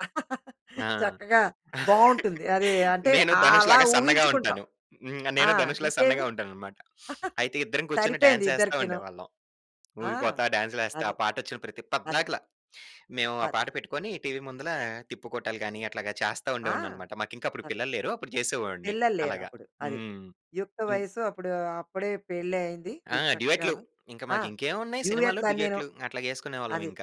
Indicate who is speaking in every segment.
Speaker 1: ఆ!
Speaker 2: చక్కగా బావుంటుంది. అదీ అంటే,
Speaker 1: నేను
Speaker 2: ఆహ్,
Speaker 1: 'ధనుష్'
Speaker 2: అలా
Speaker 1: లాగా సన్నగా
Speaker 2: ఊహించుకుంటాం.
Speaker 1: ఉంటాను. హ్మ్.
Speaker 2: ఆ!
Speaker 1: నేను ధనుష్ లాగా సన్నగా
Speaker 2: ఇంకేమి?
Speaker 1: ఉంటాననమాట. అయితే, ఇద్దరం కూర్చొని
Speaker 2: సరిపోయింది
Speaker 1: డాన్సేస్తా
Speaker 2: ఇద్దరికీను.
Speaker 1: ఉండేవాళ్ళం.
Speaker 2: ఆ!
Speaker 1: ఊగిపోతా, డాన్స్‌లేస్తా
Speaker 2: అది.
Speaker 1: ఆ పాటొచ్చిన ప్రతి
Speaker 2: అది.
Speaker 1: పద్దాకల. మేవూ ఆ
Speaker 2: పద్
Speaker 1: పాట పెట్టుకొనీ టీవీ ముందలా తిప్పుకోటాలు గానీ, అట్లాగా చేస్తా
Speaker 2: ఆ!
Speaker 1: ఉండేవాడిననమాట. మాకింకా అప్పుడు
Speaker 2: అది.
Speaker 1: పిల్లలు లేరు. అప్పుడు చేసేవోడిని
Speaker 2: పిల్లలు లేరు
Speaker 1: అలాగా.
Speaker 2: అప్పుడు. అది.
Speaker 1: హ్మ్.
Speaker 2: యుక్త
Speaker 1: ఇన్
Speaker 2: వయసు, అప్పుడూ అప్పుడే పెళ్లయింది
Speaker 1: ఆ!
Speaker 2: నీకు
Speaker 1: డ్యుయెట్లు.
Speaker 2: చక్కగాను.
Speaker 1: ఇంక
Speaker 2: ఆ!
Speaker 1: మాకింకేవున్నాయి సినిమాలు,
Speaker 2: డ్యుయెట్లన్నీనూ.
Speaker 1: డ్యూయెట్లు
Speaker 2: అది.
Speaker 1: అట్లాగేసుకునేవాళ్ళవింక.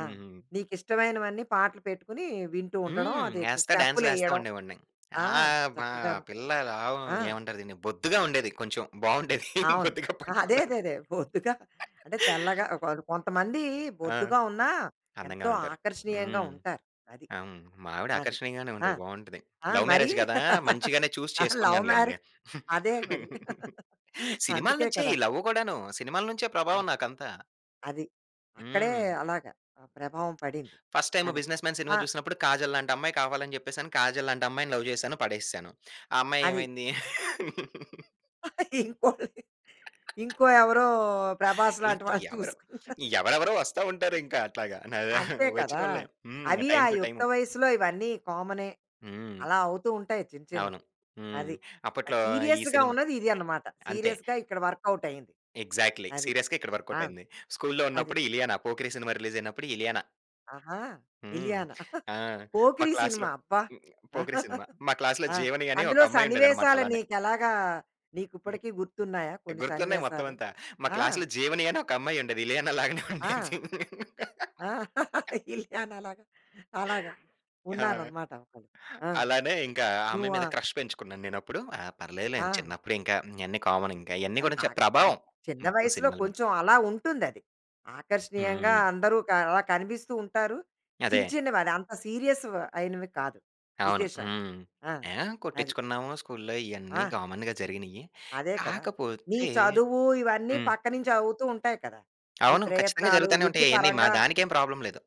Speaker 2: ఆ!
Speaker 1: హ్మ్.
Speaker 2: నీకు ఇష్టమైనవన్నీ పాటలు పెట్టుకునీ వింటూ ఉండడం,
Speaker 1: హ్మ్.
Speaker 2: అది ట్
Speaker 1: యేస్తా డాన్స్‌లేస్తా
Speaker 2: స్టెప్పులెయ్యడం.
Speaker 1: ఉండేవాడిని.
Speaker 2: ఆ!
Speaker 1: ఆహ్, బా
Speaker 2: చక్కగాను.
Speaker 1: పిల్ల లావ్
Speaker 2: ఆ!
Speaker 1: ఏవంటారు దిన్ని? బొద్దుగా ఉండేది కొంచెం. బావుండేది
Speaker 2: అవును.
Speaker 1: బొద్దుగా
Speaker 2: ఆహా! అదే.
Speaker 1: పట్టుకోవడానికి.
Speaker 2: అదేదే. బొద్దుగా అంటే, తెల్లగా ఒకాక కొంతమందీ
Speaker 1: ఆ!
Speaker 2: బొద్దుగా ఉన్నా
Speaker 1: అందంగా
Speaker 2: ఎంతో
Speaker 1: ఉంటారు.
Speaker 2: ఆకర్షణీయంగా
Speaker 1: హ్మ్.
Speaker 2: ఉంటారు. అది.
Speaker 1: ఆ! హ్మ్. మా ఆవిడ
Speaker 2: అది.
Speaker 1: ఆకర్షణీయంగానే
Speaker 2: ఆ!
Speaker 1: ఉంటది. బావుంటది.
Speaker 2: ఆ!
Speaker 1: లవ్
Speaker 2: మరీ
Speaker 1: మ్యారేజ్ గదా! మంచిగానే చూసి
Speaker 2: లవ్ మ్యారే
Speaker 1: చేసుకున్నానులెండి.
Speaker 2: అదే మరి.
Speaker 1: సినిమాల
Speaker 2: అందుకే
Speaker 1: నించే ఈ
Speaker 2: కదా!
Speaker 1: లవ్వు గూడాను. సినిమాల నుంచే ప్రభావం
Speaker 2: అది.
Speaker 1: నాకంతా.
Speaker 2: అది. అక్కడే
Speaker 1: హ్మ్.
Speaker 2: అలాగా ఆ ప్రభావం పడింది.
Speaker 1: ఫస్ట్ టైము
Speaker 2: అది.
Speaker 1: బిజినెస్ మ్యాన్ సినిమా
Speaker 2: ఆ
Speaker 1: చూసినప్పుడు 'కాజల్' లాంటమ్మాయి కావాలని జెప్పేశాను. 'కాజల్' లాంటమ్మాయిని లవ్ జేశాను. పడేసేసాను. ఆ అమ్మాయి
Speaker 2: అది.
Speaker 1: ఏమైంది
Speaker 2: ఇంకోలిని. ఇంకో ఎవరో 'ప్రభాస్' లాంటి
Speaker 1: ఇంక
Speaker 2: వాళ్ళని
Speaker 1: ఎవరొ,
Speaker 2: చూసుకున్నారు.
Speaker 1: ఎవరెవరో వస్తా ఉంటారు ఇంక అట్లాగా. న
Speaker 2: అంతే కదా!
Speaker 1: ఒచ్చినోళ్ళనే. హ్మ్.
Speaker 2: అవి ఆ
Speaker 1: టైమ్ టూ
Speaker 2: యుక్త
Speaker 1: టైము.
Speaker 2: వయసులో ఇవన్నీ కామనే.
Speaker 1: హ్మ్.
Speaker 2: అలా అవుతూ ఉంటాయి చిన్న
Speaker 1: అవును.
Speaker 2: చిన్నవి.
Speaker 1: హ్మ్.
Speaker 2: అది. అది
Speaker 1: అప్పట్లో ఈ
Speaker 2: సీరియస్‌గా
Speaker 1: సినిమా
Speaker 2: ఉన్నది ఇది అనమాట.
Speaker 1: అంతే.
Speaker 2: సీరియస్‌గా ఇక్కడ వర్కౌటయింది.
Speaker 1: ఎగ్జాక్ట్‌లీ.
Speaker 2: అది.
Speaker 1: సీరియస్‌గా ఇక్కడ
Speaker 2: ఆ!
Speaker 1: వర్కౌటయింది. స్కూల్లో
Speaker 2: అది.
Speaker 1: ఉన్నప్పుడు 'ఇలియానా'. పోకిరి సినిమా రిలీజయినప్పుడు ఇలియానా.
Speaker 2: ఆహా!
Speaker 1: హ్మ్.
Speaker 2: ఇలియానా.
Speaker 1: ఆ! మా
Speaker 2: 'పోకిరి'
Speaker 1: క్లాస్‌లో
Speaker 2: సినిమా. అబ్బా!
Speaker 1: హ్మ్. పోకిరి సినిమా. మా క్లాస్‌లో
Speaker 2: ఆ!
Speaker 1: జీవని అనీ
Speaker 2: అందులో
Speaker 1: ఒకమ్మాయుండేదనమాట
Speaker 2: సన్నివేశాలు
Speaker 1: అలానే.
Speaker 2: నీకెలాగా,
Speaker 1: హుహు.
Speaker 2: నీకుప్పటికి గుర్తున్నాయా కొన్ని
Speaker 1: గుర్తున్నాయి
Speaker 2: సన్నివేశాలు?
Speaker 1: మొత్తమంతా. మా
Speaker 2: ఆ!
Speaker 1: క్లాస్‌లో జీవని అని ఒకమ్మాయుండేది. ఇలియానాలాగనే
Speaker 2: ఆ!
Speaker 1: ఉండేది.
Speaker 2: ఆ! ఇలియానా లాగా అలాగా
Speaker 1: ఆ!
Speaker 2: ఉన్నారనమాట ఒకళ్ళు. ఆ!
Speaker 1: అలానే ఇంకా ఆ అమ్మాయి
Speaker 2: నువ్వా?
Speaker 1: మీద క్రష్ పెంచుకున్నాను నేనప్పుడు. ఆ! పర్లేదులే.
Speaker 2: ఆ!
Speaker 1: చిన్నప్పుడింక. ఇయన్నీ కామనింక. ఇయన్నీ
Speaker 2: అది
Speaker 1: గూడా చ
Speaker 2: బాగా ఆహ్,
Speaker 1: ప్రభావం
Speaker 2: చిన్న
Speaker 1: మొత్తం
Speaker 2: వయసులో
Speaker 1: సినిమాల మీద.
Speaker 2: కొంచెం అలా ఉంటుందది. ఆకర్షణీయంగా
Speaker 1: హ్మ్.
Speaker 2: అందరూ క అలా కనిపిస్తూ ఉంటారు.
Speaker 1: అదే.
Speaker 2: చిన్ని చిన్నవది, అంత సీరియస్‌వి అయినవి కాదు
Speaker 1: అవును.
Speaker 2: విశేషాలు.
Speaker 1: హ్మ్.
Speaker 2: ఆ!
Speaker 1: ఏహ్!
Speaker 2: అది.
Speaker 1: కొట్టిచ్చుకున్నాము స్కూల్లో ఇయన్నీ
Speaker 2: ఆ!
Speaker 1: కామన్‌‌గా జరిగినియ్యి.
Speaker 2: అదే కదా! నీ
Speaker 1: కాకపోతే
Speaker 2: చదువు ఇవన్నీ
Speaker 1: హ్మ్.
Speaker 2: పక్కనించి అవుతూ ఉంటాయి కదా! నీ
Speaker 1: అవును. ఖచ్చితంగా
Speaker 2: ప్రయత్నాలు
Speaker 1: జరుగుతానే
Speaker 2: వృత్తి
Speaker 1: ఉంటాయి అయన్నీ. మా
Speaker 2: పరంగా.
Speaker 1: దానికేం ప్రాబ్లమ్ లేదు.